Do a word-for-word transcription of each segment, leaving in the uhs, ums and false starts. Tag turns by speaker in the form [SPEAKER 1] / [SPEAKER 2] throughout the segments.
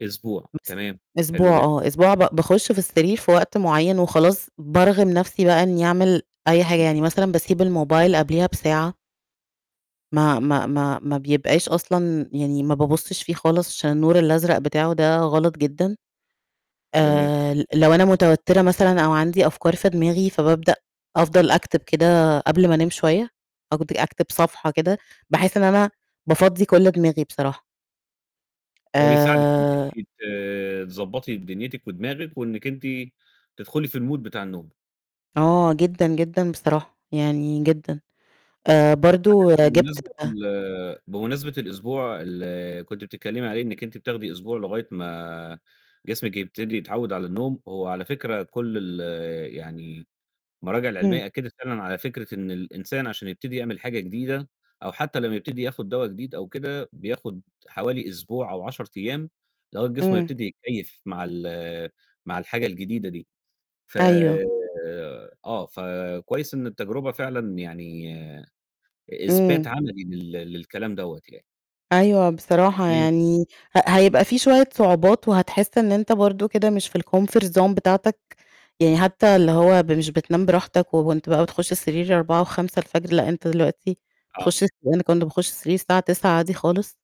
[SPEAKER 1] أسبوع،
[SPEAKER 2] مث
[SPEAKER 1] تمام
[SPEAKER 2] أسبوع
[SPEAKER 1] حلو جدًا.
[SPEAKER 2] آه أسبوع، ب باخش في السرير في وقت معين وخلاص، بارغم نَفسي بقى إني أعمل أي حاجة،
[SPEAKER 1] إمم.
[SPEAKER 2] يعني مثلًا باسيب الموبايل قبليها بساعة. ما ما ما ما بيبقاش أصلًا يعني ما بابصش فيه خالص، عشان النور الأزرق بتاعه ده غلط جدًا.
[SPEAKER 1] جميل.
[SPEAKER 2] آآ لو أنا متوترة مثلًا أو عندي أفكار في دماغي فابابدأ أفضل أكتب كده قبل ما أنام شوية أقض أكتب صفحة كده بحيث إن أنا بافضّي كل دماغي بصراحة.
[SPEAKER 1] ده بيساعدِك إنِك أنتِ
[SPEAKER 2] آآ.
[SPEAKER 1] ت تضبطي دنيتِك ودماغِك وإنِك أنتِ تدخلي في الmood بتاع النوم.
[SPEAKER 2] آه، جدًا، جدًا بصراحة يعني جدًا آآ
[SPEAKER 1] على
[SPEAKER 2] برضو
[SPEAKER 1] فكرة
[SPEAKER 2] جبت
[SPEAKER 1] بمناسبة
[SPEAKER 2] أ
[SPEAKER 1] ال بمناسبة الأسبوع اللي كنتِ بتتكلمي عليه إنِك أنتِ بتاخدي أسبوع لغاية ما جسمِك يبتدي يتعود على النوم هو على فكرة كل ال يعني المراجع
[SPEAKER 2] امم.
[SPEAKER 1] العلمية أكدت فعلًا على فكرة إن الإنسان عشان يبتدي يعمل حاجة جديدة أو حتى لما يبتدي ياخد دوا جديد أو كده بياخد حوالي أسبوع أو عشر أيام لغاية جسمه ما
[SPEAKER 2] امم.
[SPEAKER 1] يبتدي يتكيف مع ال مع الحاجة الجديدة دي ف
[SPEAKER 2] أيوه.
[SPEAKER 1] آه، فكويس إن التجربة فعلًا يعني
[SPEAKER 2] امم.
[SPEAKER 1] إثبات عملي لل للكلام دوّة يعني.
[SPEAKER 2] أيوه بصراحة
[SPEAKER 1] امم.
[SPEAKER 2] يعني ه هيبقى في شوية صعوبات وهتحس إن أنت برضه كده مش في الcomfort zone بتاعتك، يعني حتى اللي هو مش بتنام براحتك، وأنت بقى بتخش السرير أربعه وخمسة الفجر لأن أنت دلوقتي
[SPEAKER 1] آه.
[SPEAKER 2] تخش أنا ما كنتش باخش السرير الساعة تسعة عادى خالص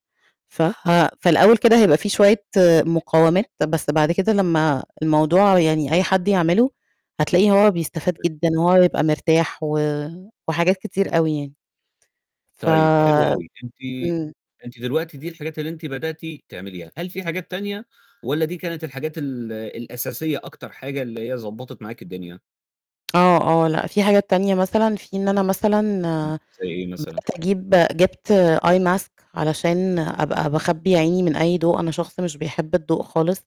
[SPEAKER 2] ف ها في لأول كده هايبقى في شوية مقاومات بس بعد كده لما الموضوع يعني أي حد يعمله هتلاقيه هو بيستفاد
[SPEAKER 1] [unintelligible]
[SPEAKER 2] جدًا وهو يبقى مرتاح و وحاجات كتير أوي يعني. ف
[SPEAKER 1] طيب حلو أوي أنتِ،
[SPEAKER 2] امم.
[SPEAKER 1] أنتِ دلوقتي دي الحاجات اللي أنتِ بدأتِ تعمليها، هل في حاجات تانية، والّا دي كانت الحاجات ال الأساسية أكتر حاجة اللي هي ضبطّت معاكِ الدنيا؟
[SPEAKER 2] آه، آه، لأ في حاجات تانية مثلًا، في إن أنا مثلًا،
[SPEAKER 1] امم
[SPEAKER 2] آآ
[SPEAKER 1] زي إيه مثلًا؟
[SPEAKER 2] بدأت أجيب جبت eye mask علشان أبقى باخبي عيني من أي ضوء، أنا شخص مش بيحب الضوء خالص.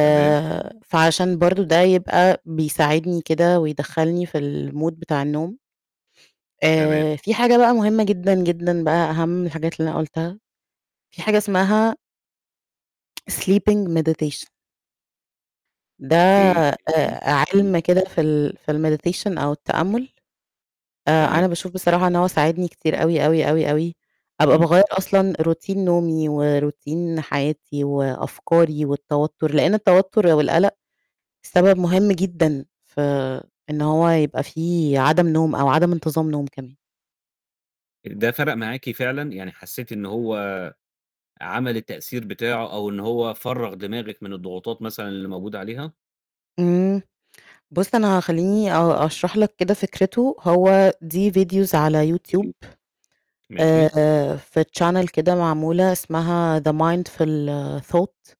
[SPEAKER 1] تمام.
[SPEAKER 2] فعشان برضه ده يبقى بيساعدني كده ويدخلني في الmood بتاع النوم،
[SPEAKER 1] تمام.
[SPEAKER 2] آآ في حاجة بقى مهمة جدًا، جدًا بقى أهم من الحاجات اللي أنا قلتها في حاجة اسمها، sleeping meditation. ده
[SPEAKER 1] أوكي
[SPEAKER 2] آآ
[SPEAKER 1] [unintelligible]
[SPEAKER 2] عِلم كده في ال في الmeditation أو التأمل. آآ
[SPEAKER 1] تمام.
[SPEAKER 2] أنا باشوف بصراحة إن هو ساعدني كتير أوي، أوي، أوي، أوي، أبقى
[SPEAKER 1] إمم.
[SPEAKER 2] باغير أصلًا روتين نومي وروتين حياتي وأفكاري والتوتر لان التوتر والقلق سبب مهم جدًا في إن هو يبقى في عدم نوم أو عدم انتظام نوم كمان.
[SPEAKER 1] ده فرق معاكِ فعلًا؟ يعني حسيتِ إنه هو عمل التأثير بتاعه، أو إن هو فرّغ دماغِك من الضغوطات مثلًا اللي موجودة عليها؟
[SPEAKER 2] امم، بص أنا خليني آه أشرح لك كده فكرته هو دي فيديوز على يوتيوب
[SPEAKER 1] قولي، ماشي.
[SPEAKER 2] آآ في channel كده معمولة اسمها the mindful thought.